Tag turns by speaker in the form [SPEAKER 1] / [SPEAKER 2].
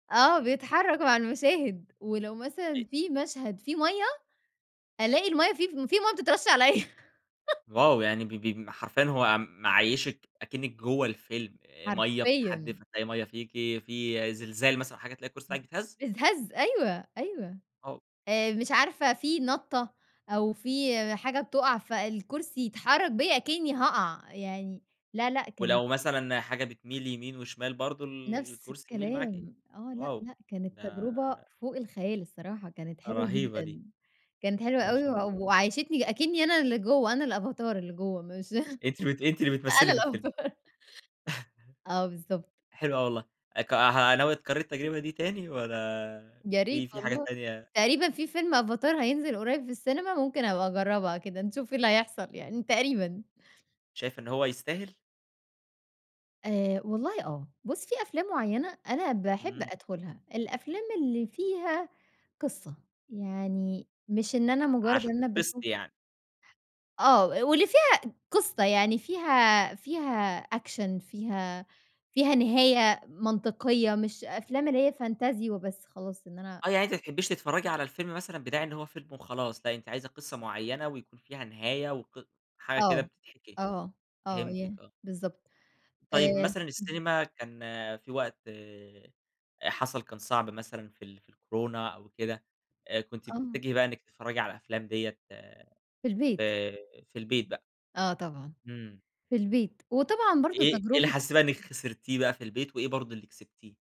[SPEAKER 1] آه. بيتحرّك مع المَشاهد ولو
[SPEAKER 2] أ
[SPEAKER 1] مثلًا في مشهد في مَيّة، ألاقي المَيّة في في مَيّة بتترش عليّا.
[SPEAKER 2] واو! يعني ب ب حرفيًا هو معيّشك أكنَّك جوّه الفيلم. مَيّة بتتحدِّف،
[SPEAKER 1] حرفيًا.
[SPEAKER 2] هتلاقي مَيّة فيكِ، في زلزال مثلًا حاجة تلاقي الكُرسي بتاعِك
[SPEAKER 1] [unintelligible]
[SPEAKER 2] بيتهز؟
[SPEAKER 1] أتهز أيوه، أيوه.
[SPEAKER 2] آه.
[SPEAKER 1] آآ مش عارفة في نَطّة أو في حاجة بتُقَع فالكُرسي يتحرّك بيّا أكنِّي هاقَع. يعني لا، لأ كانت
[SPEAKER 2] ولو مثلًا حاجة بتميل يمين وشمال برضه
[SPEAKER 1] نفس
[SPEAKER 2] الكُرسي يميل معاكِ؟
[SPEAKER 1] الكلام. آه. لأ،
[SPEAKER 2] واو!
[SPEAKER 1] لأ كانت
[SPEAKER 2] ده
[SPEAKER 1] تجربة فوق الخيال الصراحة، كانت حلوة
[SPEAKER 2] رهيبة دي.
[SPEAKER 1] جدًا. كانت حلوة
[SPEAKER 2] ما
[SPEAKER 1] أوي
[SPEAKER 2] شاء
[SPEAKER 1] و
[SPEAKER 2] الله.
[SPEAKER 1] وعيّشتني أكنِّي أنا اللي جوّه، أنا الأفاتار اللي جوّه مش
[SPEAKER 2] أنتِ بت أنتِ اللي بتمثّلي
[SPEAKER 1] أنا
[SPEAKER 2] في الفيلم.
[SPEAKER 1] الأفاتار. آه بالضبط.
[SPEAKER 2] حلو أوي والله. اك ها ناوية تكرّري التجربة دي تاني والّا
[SPEAKER 1] يا ريت
[SPEAKER 2] في في حاجات
[SPEAKER 1] والله.
[SPEAKER 2] تانية
[SPEAKER 1] تقريبًا في فيلم أفاتار هينزل قرّيب في السينما ممكن أبقى أجرّبها كده، نشوف إيه اللي هيحصل يعني تقريبًا.
[SPEAKER 2] شايفة إن هو يستاهل؟
[SPEAKER 1] آآ والله آه. بُص، في أفلام معيّنة أنا باحب
[SPEAKER 2] إمم.
[SPEAKER 1] أدخُلها. الأفلام اللي فيها قصة. يعني مش إن أنا مُجرّد
[SPEAKER 2] عشان
[SPEAKER 1] إن أنا باشوف
[SPEAKER 2] تنبسطي يعني.
[SPEAKER 1] آه. و واللي فيها قصة. يعني فيها فيها أكشن، فيها فيها نهاية منطقية مش أفلام اللي هي فنتازي وبس خلاص إن أنا
[SPEAKER 2] آه. يعني أنتِ ما بتحبّيش تتفرّجي على الفيلم مثلًا بداعي إن هو فيلم وخلاص، لأ أنتِ عايزة قصة معيّنة ويكون فيها نهاية وق وحاجة كده
[SPEAKER 1] آه.
[SPEAKER 2] بتتحكي.
[SPEAKER 1] آه. آه. ي
[SPEAKER 2] فهمتِك آه.
[SPEAKER 1] بالضبط.
[SPEAKER 2] طيب
[SPEAKER 1] آآ
[SPEAKER 2] مثلًا
[SPEAKER 1] [unintelligible]
[SPEAKER 2] السينما كان في وقت أ حصل كان صعب مثلًا في ال في الكورونا أو كده، آآ كنتِ
[SPEAKER 1] آه.
[SPEAKER 2] بتتّجهي بقى إنِّك تتفرّجي على الأفلام ديّة
[SPEAKER 1] في البيت.
[SPEAKER 2] في في البيت بقى.
[SPEAKER 1] آه طبعًا.
[SPEAKER 2] إمم.
[SPEAKER 1] في البيت. وطبعًا برضه
[SPEAKER 2] إيه إيه اللي
[SPEAKER 1] تجربة
[SPEAKER 2] حسّيتِ بقى إنّك خسرتيه بقى في البيت وإيه برضه اللي كسبتيه؟